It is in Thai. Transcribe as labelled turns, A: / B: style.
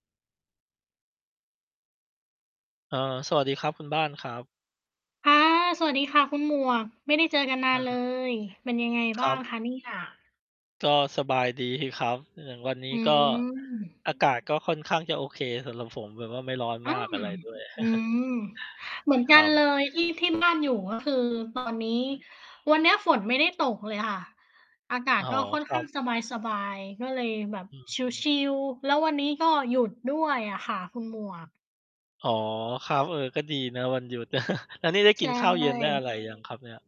A: เอ่อ สวัสดีครับคุณบ้านครับ
B: ค่ะ สวัสดีค่ะคุณหมวก ไม่ได้เจอกันนา
A: เ
B: นเล
A: ออ
B: ย เป็นยังไง
A: ค
B: บ
A: ร
B: ้างค
A: ับ
B: ะเนี่ย?
A: ก็สบาย ดี ครับ อย่างวันนี
B: อ
A: ้
B: ื
A: ก็
B: ม
A: อากาศก็ค่อนข้างจะโอเคสำหรับผม แบบว่าไม่ร้อน
B: อื
A: มาก
B: ม
A: อะไรด้วย
B: อืม เหมือน
A: ค
B: กั
A: ร
B: นเล
A: ับ
B: ย ที่ ที่บ้านอยู่ก็คือ ตอน นี้ วันเนี้ยฝนไม่ได้ตกเลยค่ะ อากา
A: อ
B: ศ
A: ๋อ
B: ก็ค่อน
A: คร
B: ข
A: ั
B: ้า
A: บ
B: งสบาย ๆ ก็เลยแบบ
A: อืม
B: ช
A: ๆ
B: ิล ๆ แล้ววันนี้ก็หยุดด้วยอะค่ะคุณหมวก
A: อ๋อ ครับ เออ ก็ดีนะวันหยุด แล้วนี่ได้
B: ใช
A: กิน
B: ่
A: ข้าวเย็น ได้อะไรยังครับเนี่ย?